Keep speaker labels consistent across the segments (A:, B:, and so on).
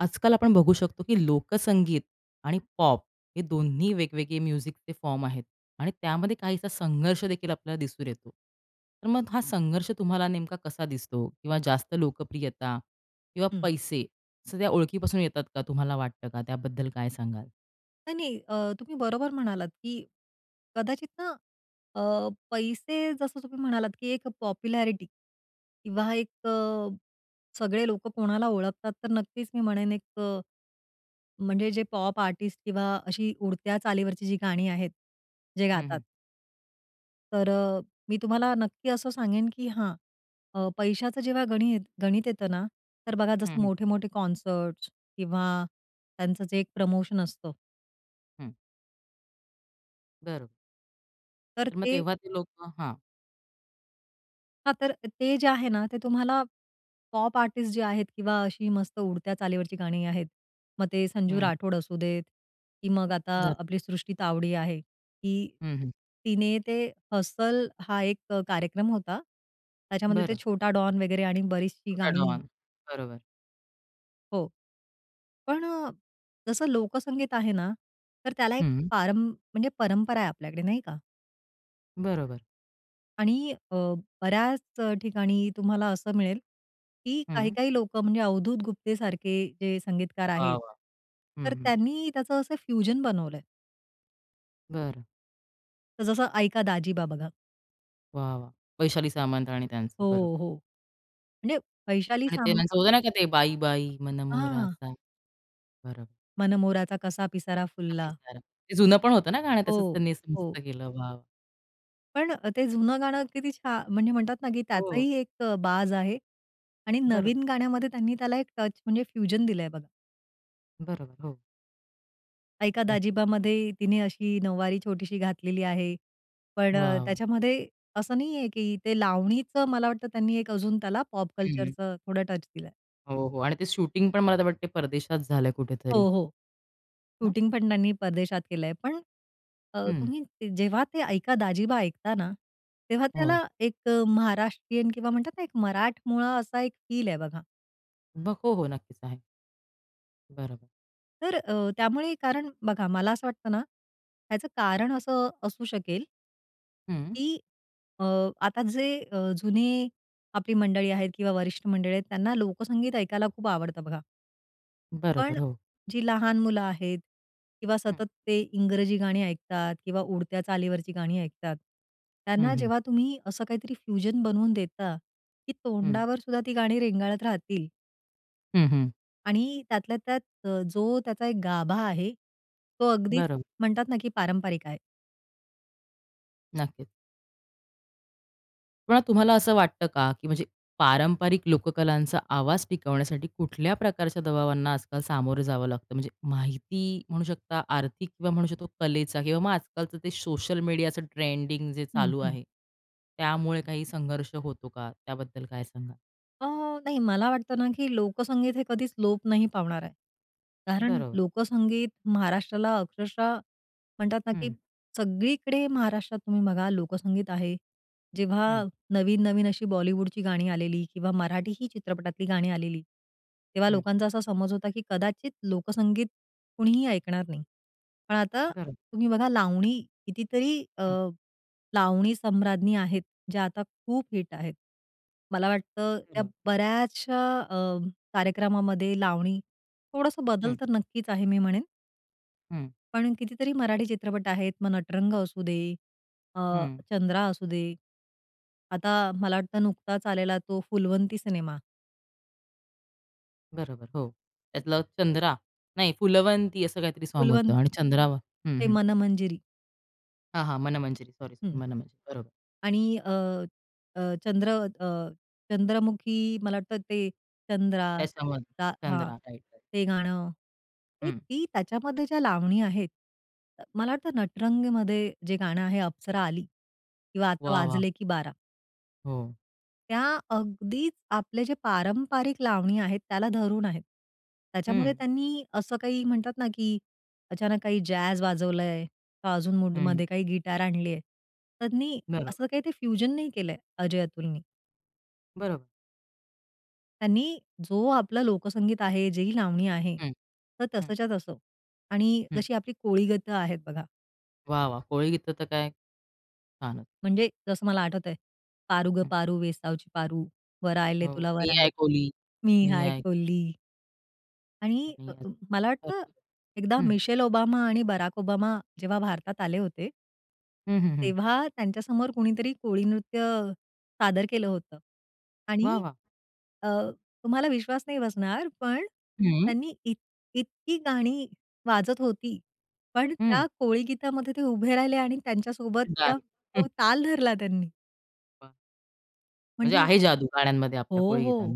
A: आजकाल आपण बघू शकतो, की लोकसंगीत आणि पॉप हे दोन्ही वेगवेगळे म्युझिकचे फॉर्म आहेत आणि त्यामध्ये काहीसा संघर्ष देखील आपल्याला दिसून येतो. तर मग हा संघर्ष तुम्हाला नेमका कसा दिसतो? किंवा जास्त लोकप्रियता किंवा
B: हं.
A: पैसे सध्या ओळखीपासून येतात का, तुम्हाला वाटतं का? त्याबद्दल काय सांगाल?
B: नाही, नाही, अ, तुम्ही बरोबर म्हणालात, की कदाचित ना, अ, पैसे, जसं तुम्ही म्हणालात, की एक पॉप्युलॅरिटी किंवा एक, अ, सगळे लोकं कोणाला ओळखतात, तर नक्कीच मी म्हणेन, एक, म्हणजे जे पॉप आर्टिस्ट किंवा अशी उडत्या चालीवरची जी गाणी आहेत, जे
A: हं,
B: गातात
A: हं.
B: तर, अ, मी तुम्हाला नक्की असं सांगेन, की हां, अ, पैशाचं जेव्हा गणित, गणित येतं ना, तर बघा,
A: हं,
B: जसं
A: हं.
B: मोठे-मोठे कॉन्सर्ट्स, किंवा त्यांचं जे 1 प्रमोशन असतं
A: हं. बरोबर.
B: तर
A: तर मग
B: ते
A: तेव्हा ते लोकं हां.
B: हां, तर ते जे आहे ना, ते तुम्हाला पॉप आर्टिस्ट जे आहेत, किंवा अशी मस्त उडत्या चालीवरची गाणी आहेत, मग ते संजू
A: हं.
B: राठोड असू देत, की मग आता
A: जर.
B: आपली सृष्टी तावडे आहे, की
A: हं, हं.
B: तिने ते "हसल" हां, एक कार्यक्रम होता, त्याच्यामध्ये ते
A: बरं.
B: छोटा डॉन वगैरे, आणि बरीचशी
A: छोटा
B: गाणी
A: डॉन. बरोबर.
B: हो. पण अ, जसं लोकसंगीत आहे ना, तर त्याला एक
A: हं.
B: पारम म्हणजे परंपरा आहे आपल्याकडे, नाही का?
A: बरोबर.
B: आणि, अ, बऱ्याच ठिकाणी तुम्हाला असं मिळेल, की
A: हं.
B: काही-काही लोकं, म्हणजे अवधूत गुप्तेसारखे जे संगीतकार
A: वाह,
B: आहेत,
A: वाह! हं,
B: तर
A: हं.
B: त्यांनी त्याचं असं फ्यूजन बनवलंय.
A: बरं.
B: तर जसं, "ऐका दाजीबा" बघा.
A: वाह, वाह! वैशाली सामंत, आणि त्यांचं बरोबर.
B: हो, हो. म्हणजे वैशाली
A: आणि ते
B: साम
A: त्यांचं होतं नाही का, ते "बाई, बाई
B: हां.
A: मनमोहराचा." बरोबर.
B: मनमोराचा कसा पिसारा
A: तो
B: फुलला.
A: पिसारा हे जुनं पण होतं ना, गाणं तसंच
B: हो,
A: त्यांनी असं मस्त
B: हो.
A: केलं, वाव!
B: पण अ, ते जुनं गाणं किती छान म्हणजे म्हणतात ना, की
A: हो.
B: त्याचाही एक अ, बाज आहे, आणि
A: बरोबर.
B: नवीन गाण्यामध्ये त्यांनी त्याला एक टच, म्हणजे फ्यूजन दिलंय, बघा.
A: बरोबर, हो.
B: "ऐका
A: नाही.
B: दाजीबा"मध्ये तिने अशी नऊवारी छोटीशी घातलेली आहे. पण
A: वाह, वाह!
B: त्याच्यामध्ये असं नाहीये, की ते लावणीचं मला वाटतं, त्यांनी एक अजून त्याला पॉप
A: हं, हं.
B: कल्चरचं थोडं टच दिलंय.
A: हो, हो. आणि ते शूटिंग पण मला तर वाटतंय, परदेशात झालं कुठेतरी
B: हो, हो.
A: ना?
B: शूटिंगपण त्यांनी परदेशात केलंय, पण, अ,
A: हं.
B: तुम्ही जेव्हा ते "ऐका दाजीबा" ऐकता ना, तेव्हा
A: हो.
B: त्याला एक अ, महाराष्ट्रीयन, किंवा म्हणतात ना, एक मराठमोळा असा एक फील आहे, बघा.
A: ब हो, नक्कीच आहे. बरोबर.
B: तर अ, त्यामुळे कारण बघा मला असं वाटतं ना, ह्याचं कारण असं अ, असू शकेल
A: हं.
B: की अ, आता जे अ, जुने आपली मंडळी आहेत किंवा वरिष्ठ मंडळी आहेत, त्यांना लोकसंगीत ऐकायला खूप आवडतं बघा. पण
A: बरोबर,
B: अ,
A: हो.
B: जी लहान मुलं आहेत किंवा
A: हं.
B: सतत ते इंग्रजी गाणी ऐकतात किंवा उडत्या चालीवरची गाणी ऐकतात,
A: हं,
B: त्यांना
A: हं.
B: जेव्हा तुम्ही असं काहीतरी फ्युजन बनवून देता, की
A: हं.
B: तोंडावर सुद्धा ती गाणी रेंगाळत राहतील.
A: हं, हं.
B: आणि त्यातल्या त्यात अ, जो त्याचा एक गाभा आहे, तो अगदीच
A: बरो
B: म्हणतात ना, की पारंपरिक आहे.
A: नक्कीच. पण तुम्हाला असं वाटतं का, की म्हणजे पारंपरिक लोककलांचा आवाज टिकवण्यासाठी कुठल्या प्रकारच्या दबावांना आजकाल सामोरं जावं लागतं? म्हणजे माहिती म्हणू शकता, आर्थिक किंवा म्हणू शकतो कलेचा किंवा मग आजकालचं ते सोशल मीडियाचं ट्रेंडिंग जे
B: हं,
A: चालू
B: हं.
A: आहे, त्यामुळे काही संघर्ष होतो का? त्याबद्दल काय सांगाल?
B: अ, नाही, मला वाटतं ना की लोकसंगीत हे कधीच लोप नाही पावणार आहे. कारण
A: बरोबर.
B: लोकसंगीत महाराष्ट्राला अक्षरशः म्हणतात ना, की
A: हं.
B: सगळीकडे महाराष्ट्रात तुम्ही बघा लोकसंगीत आहे. जेव्हा
A: हं.
B: नवीन, नवीन अशी बॉलिवूडची गाणी आलेली किंवा मराठी ही चित्रपटातली गाणी आलेली, तेव्हा
A: हं.
B: लोकांचा असा समज होता की कदाचित लोकसंगीत कुणीही ऐकणार नाही. पण आता
A: बरं.
B: तुम्ही बघा लावणी कितीतरी अ,
A: हं.
B: लावणी सम्राज्ञी आहेत, ज्या आता खूप हिट आहेत. मला वाटतं त्या
A: हो.
B: बऱ्याचश्या अ, कार्यक्रमामध्ये लावणी थोडंसं बदल
A: हं.
B: तर नक्कीच आहे मी म्हणेन.
A: हं.
B: पण कितीतरी मराठी चित्रपट आहेत, मग नटरंग असू दे, अ,
A: हं.
B: चंद्रा असू दे. आता मला वाटतं, नुकताच आलेला तो फुलवंती सिनेमा.
A: बरोबर. हो.
B: [unintelligible]
A: त्यातलं चंद्रा. नाही, फुलवंती असं काहीतरी साँग होतं,
B: फुलवंती.
A: आणि चंद्रा हं,
B: ते
A: हं.
B: मनमंजिरी.
A: हां, हां, मनमंजरी. Sorry, sorry.
B: हं.
A: मनमंजरी. बरोबर.
B: आणि अ, अ, चंद्र अ, चंद्रमुखी मला वाटतं, ते चंद्रा
A: त्याच्यामधलं
B: ता हां.
A: Chandra, right, right.
B: ते गाणं, ते
A: हं.
B: ती त्याच्यामध्ये ज्या लावणी आहेत, मला वाटतं, नटरंगमध्ये जे गाणं आहे, अप्सरा आली किंवा आता
A: वाह, वाह!
B: वाजले की बारा.
A: हो.
B: त्या अगदीच आपले जे पारंपरिक लावणी आहेत, त्याला धरून आहेत. त्याच्यामध्ये
A: हं.
B: त्यांनी असं काही म्हणतात ना, की अचानक काही जॅझ वाजवलंय का, अजून
A: हं.
B: मूडमध्ये काही गिटार आणली आहे. त्यांनी
A: बरोबर.
B: असं काही ते फ्युजन नाही केलंय, अजय-अतुलनी.
A: बरोबर.
B: त्यांनी जो आपला लोकसंगीत आहे. जे ही लावणी आहे.
A: हं.
B: तर
A: हं.
B: तसंच्या तसं. आणि
A: हं.
B: जशी आपली कोळीगीत आहेत, बघा.
A: वाह! वाह! कोळी गीतं तर काय, छानचं.
B: म्हणजे जसं मला आठवतंय, पारू गं
A: हं.
B: पारू वेसावची पारू, वर आयले
A: हो,
B: तुला वर
A: मी
B: आयले.
A: हाय कोली,
B: मी
A: मी
B: हाय
A: हाय
B: कोली. आणि
A: आणि
B: अ,
A: असं
B: मला वाटतं
A: बरोबर.
B: एकदा
A: हं.
B: मिशेल ओबामा आणि बराक ओबामा जेव्हा भारतात आले होते
A: हं, हं, हं.
B: तेव्हा त्यांच्यासमोर कुणीतरी कोळी नृत्य अ, सादर केलं होतं
A: वा!
B: आणि
A: वा!
B: अ, तुम्हाला विश्वास नाही बसणार, पण
A: हं.
B: त्यांनी इत इतकी गाणी वाजत होती, पण
A: हं.
B: त्या कोळी गीतामध्ये ते उभे राहिले आणि त्यांच्यासोबतचं
A: [unintelligible] हं.
B: तो ताल धरला त्यांनी.
A: बरं. म्हणजे
B: म्हणजे
A: आहे जादू गाण्यांमध्ये,
B: हो,
A: आपल्या कोळी
B: हो.
A: गीतां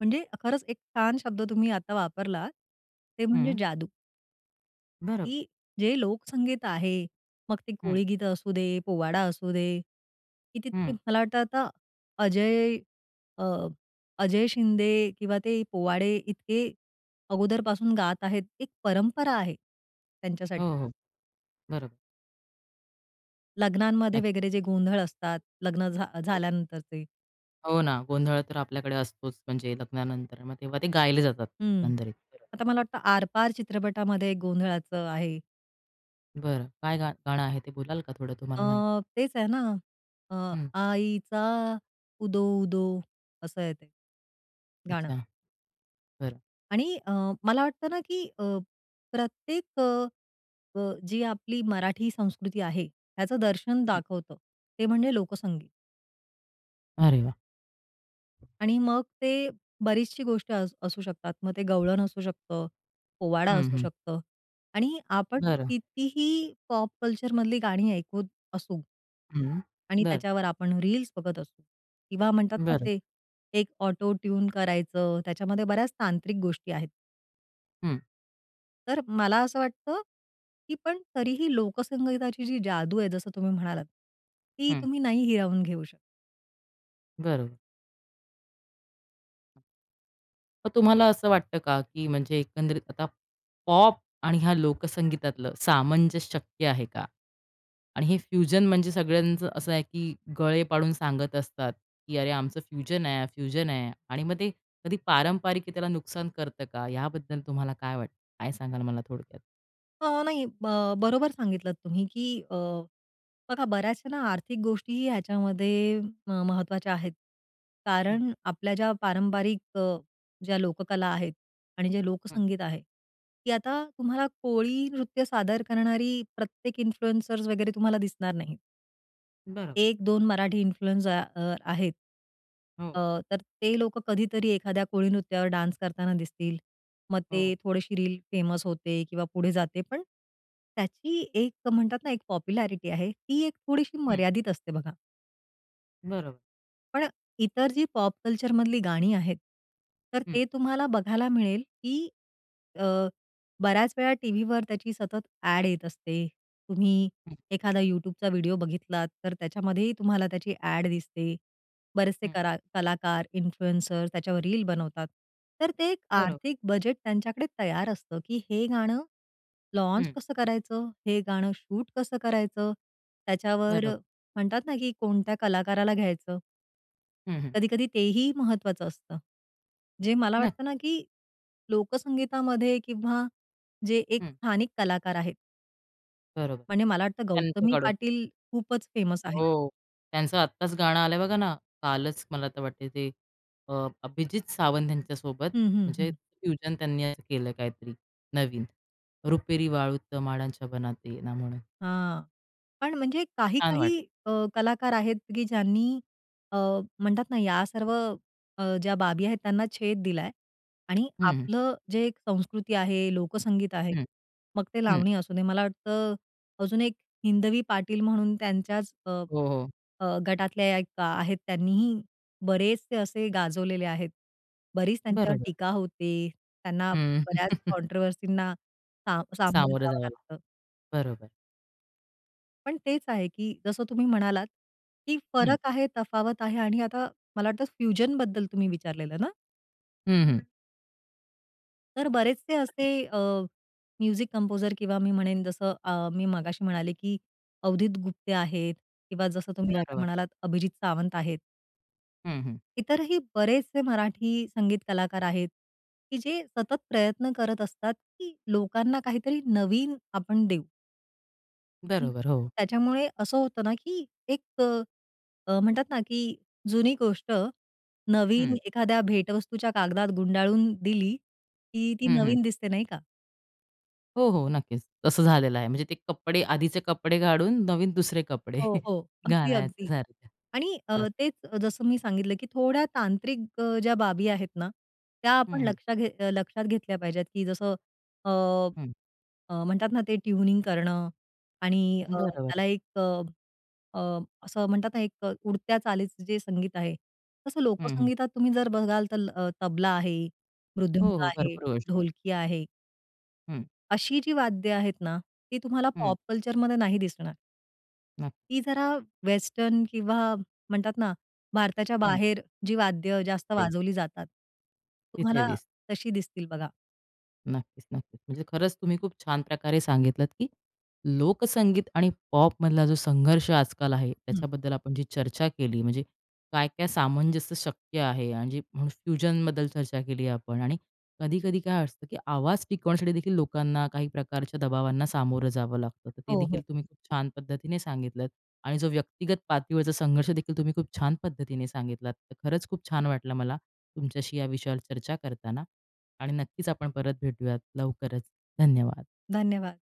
B: म्हणजे खरंच, एक छान शब्द तुम्ही आता वापरलात, ते म्हणजे
A: हं.
B: जादू.
A: बरं.
B: की जे लोकसंगीत आहे, मग ती
A: हं.
B: कोळीगीतं असू दे, पोवाडा असू दे, कितीतरी
A: हं.
B: मला वाटतं आता अजय, अ अजय शिंदे किंवा ते पोवाडे इतके अगोदरपासून गात आहेत, एक परंपरा आहे त्यांच्यासाठी.
A: हो, हो. बरोबर.
B: लग्नांमध्ये
A: [unintelligible]
B: वगैरे जे गोंधळ असतात, लग्न झ
A: हो.
B: झाल्यानंतर ते.
A: हो ना. गोंधळ तर आपल्याकडे असतोच. म्हणजे लग्नानंतर, मग तेव्हा ते गायले जातात.
B: हं,
A: एकंदरीत खरं.
B: आता मला वाटतं आरपार चित्रपटामध्ये गोंधळाचं आहे.
A: बरं, काय गा गाणं आहे ते बोलाल का थोडं, तुम्हाला
B: अ,
A: माहीत?
B: तेच आहे ना. अ,
A: हं.
B: आईचा उदो उदो असं आहे ते गाणं.
A: अच्छा, बरं.
B: आणि अ, मला वाटतं ना की अ, प्रत्येक प जी आपली मराठी संस्कृती आहे, त्याचं दर्शन
A: हं.
B: दाखवतं ते म्हणजे लोकसंगीत.
A: अरे वाह!
B: आणि मग ते बरीचशी गोष्टी अस असू शकतात. मग ते गवळण असू शकतं, पोवाडा
A: हं,
B: असू
A: हं.
B: शकतं आणि आपण
A: बरं.
B: कितीही पॉप कल्चर मधली गाणी ऐकूत असू.
A: हं,
B: आणि
A: बरं.
B: त्याच्यावर आपण रील्स बघत असू किंवा म्हणतात ना
A: बरं.
B: ते एक ऑटो ट्यून करायचं त्याच्यामध्ये बऱ्याच तांत्रिक गोष्टी आहेत.
A: हं.
B: तर मला असं वाटतं, की पण तरीही लोकसंगीताची जी जादू आहे, जसं तुम्ही म्हणालात, ती
A: हं.
B: तुम्ही नाही हिरावून घेऊ शकत.
A: बरोबर. [unintelligible] मग तुम्हाला असं वाटतं का, की म्हणजे एकंदरीत आता पॉप आणि ह्या लोकसंगीतातलं सामंजस्य शक्य आहे का? आणि हे फ्युजन म्हणजे सगळ्यांचं असं आहे, की गळे पाडून सांगत असतात, की "अरे, आमचं फ्युजन आहे, फ्युजन आहे." आणि मग ते कधी पारंपरिकतेला नुकसान करतं का? याबद्दल तुम्हाला काय वाटतं? काय सांगाल मला थोडक्यात?
B: अ, नाही, अ, ब बरोबर सांगितलत तुम्ही, की अ, बघा बऱ्याचशा ना, आर्थिक गोष्टी ह्याच्यामध्ये अ, महत्त्वाच्या आहेत.
A: हं.
B: कारण आपल्या ज्या पारंपरिक अ, ज्या लोककला आहेत, आणि जे
A: हं.
B: लोकसंगीत आहे, की आता तुम्हाला कोळी नृत्य सादर करणारी प्रत्येक इन्फ्लुएंसर्स वगैरे तुम्हाला दिसणार नाहीत.
A: बरोबर.
B: 1-2 मराठी इन्फ्लुएन्सर अ, आहेत. अ,
A: हो.
B: तर ते लोकं कधीतरी एखाद्या कोळी नृत्यावर डान्स करताना दिसतील, मग ते
A: हो.
B: थोडीशी रील फेमस होते, किंवा पुढे जाते, पण त्याची एक म्हणतात ना, एक पॉप्युलॅरिटी आहे, ती एक थोडीशी
A: हं.
B: मर्यादित असते, बघा.
A: बरोबर.
B: पण अ, इतर जी पॉप कल्चरमधली गाणी आहेत, तर
A: हं.
B: ते तुम्हाला बघायला मिळेल, की अ, बऱ्याच वेळा टीव्हीवर त्याची सतत ॲड येत असते. तुम्ही
A: हं.
B: एखादा YouTubeचा व्हिडिओ बघितलात, तर त्याच्यामध्येही तुम्हाला त्याची ॲड दिसते. बरेचसे
A: हं.
B: करा कलाकार इन्फ्लुएंसर त्याच्यावर रील बनवतात. तर ते एक
A: बरोबर.
B: आर्थिक बजेट त्यांच्याकडे तयार असतं, की हे गाणं लॉन्च
A: हं.
B: कसं करायचं? हे गाणं शूट कसं करायचं? त्याच्यावर
A: बरोबर.
B: म्हणतात ना, की कोणत्या कलाकाराला घ्यायचं?
A: हं, हं.
B: कधी-कधी तेही महत्त्वाचं असतं. जे मला
A: नक्की.
B: वाटतं ना, की लोकसंगीतामध्ये किंवा जे एक
A: हं.
B: स्थानिक कलाकार आहेत.
A: बरोबर.
B: म्हणजे मला वाटतं, गौतमी
A: त्यांच्याकडून
B: पाटील खूपच फेमस आहे.
A: हो, त्यांचं आत्ताच गाणं आलंय बघा ना, कालच मला तर वाटतं ते अ, अभिजीत सावंत यांच्या सोबत,
B: हं, हं,
A: म्हणजे
B: हं.
A: फ्यूजन त्यांनी केलं काहीतरी नवीन रुपेरी वाळूत माडांच्या बनात ये ना, म्हणून.
B: हां, पण म्हणजे
A: छान
B: काही-काही
A: वाटलं.
B: अ, कलाकार आहेत, की ज्यांनी अ, म्हणतात ना, या सर्व अ, ज्या बाबी आहेत, त्यांना छेद दिला आहे. आणि
A: हं, हं.
B: आपलं जे संस्कृती आहे, लोकसंगीत आहे,
A: हं.
B: मग ते
A: हं.
B: लावणी असू दे. मला वाटतं अजून एक हिंदवी पाटील म्हणून त्यांच्याच अ,
A: हो, हो.
B: अ, गटातल्या एक आहेत, त्यांनीही बरेचसे असे गाजवलेले आहेत. बरीच त्यांच्यावर
A: बरोबर.
B: टीका होते, त्यांना
A: हं.
B: बऱ्याच कॉन्ट्रोव्हर्सींना सा सामोरं
A: सामोरं
B: जावं
A: जावं
B: लागतं.
A: बरोबर.
B: पण तेच आहे, की जसं तुम्ही म्हणालात, की
A: हं.
B: फरक आहे, तफावत आहे आणि आता मला वाटतं, फ्युजनबद्दल तुम्ही विचारलेलं ना?
A: हं, हं.
B: तर बरेचसे असे अ, म्युझिक कंपोझर किंवा मी म्हणेन जसं अ, मी मगाशी म्हणाले, की अवधुत गुप्ते आहेत, किंवा जसं तुम्ही आता
A: बरोबर.
B: म्हणालात, अभिजीत सावंत आहेत
A: हं, हं.
B: इतरही बरेचसे मराठी संगीत कलाकार आहेत, की जे सतत प्रयत्न करत असतात, की लोकांना काहीतरी नवीन आपण देऊ आणि
A: बरोबर. हो.
B: त्याच्यामुळे असं होतं ना, की एक अ, म्हणतात ना, की जुनी गोष्ट नवीन
A: हं.
B: एखाद्या भेटवस्तूच्या कागदात गुंडाळून दिली, की ती
A: हं, हं.
B: नवीन दिसते, नाही का?
A: हो, हो. नक्कीच. तसं झालेलं आहे, म्हणजे ते कपडे आधीचे कपडे काढून नवीन दुसरे कपडे
B: हो, हो.
A: घालायचे,
B: अगदी-अगदी.
A: सारखे
B: आणि अ,
A: तसं.
B: तेच जसं मी सांगितलं की थोड्या तांत्रिक अ, ज्या बाबी आहेत ना, त्या आपण
A: हं, हं.
B: लक्षात घेत अ, लक्षात घेतल्या पाहिजेत की जसं अ,
A: हं.
B: अ, म्हणतात ना ते ट्यूनिंग करणं आणि अ,
A: बरोबर.
B: त्याला एक अ, अ, असं म्हणतात ना एक अ, उडत्या चालीचं जे संगीत आहे. तसं
A: हं, हं.
B: लोकसंगीतात तुम्ही जर बघाल तर अ, तबला आहे
A: हो,
B: मृदुंका
A: हो,
B: आहे
A: भरपूर गोष्टी आहेत.
B: ढोलकी आहे.
A: हं.
B: अशी जी वाद्य आहेत ना, ती तुम्हाला
A: हं.
B: पॉप कल्चरमध्ये नाही दिसणार.
A: नक्की.
B: ती जरा वेस्टर्न, किंवा म्हणतात ना, भारताच्या
A: हं.
B: बाहेर जी वाद्यं जास्त
A: तिथे
B: वाजवली जातात.
A: तिथे
B: तुम्हाला
A: दिसते
B: तशी दिसतील, बघा.
A: नक्कीच, नक्कीच, म्हणजे खरंच तुम्ही खूप छान प्रकारे सांगितलत, की लोकसंगीत आणि पॉपमधला जो संघर्ष आजकाल आहे,
B: हं.
A: त्याच्याबद्दल आपण जी चर्चा केली, म्हणजे काय-काय सामंजस्य शक्य आहे आणि जे फ्युजनबद्दल चर्चा केली आपण आणि कधी-कधी काय असतं, की आवाज टिकवण्यासाठी देखील लोकांना काही प्रकारच्या दबावांना सामोरं जावं लागतं. तर ते
B: हो,
A: देखील
B: हो.
A: तुम्ही खूप छान पद्धतीने सांगितलंत आणि जो व्यक्तिगत पातळीवरचा संघर्ष देखील तुम्ही खूप छान पद्धतीने सांगितलात, तर खरंच खूप छान वाटलं, मला तुमच्याशी या विषयावर चर्चा करताना. आणि नक्कीच आपण परत भेटूयात लवकरच. धन्यवाद.
B: धन्यवाद.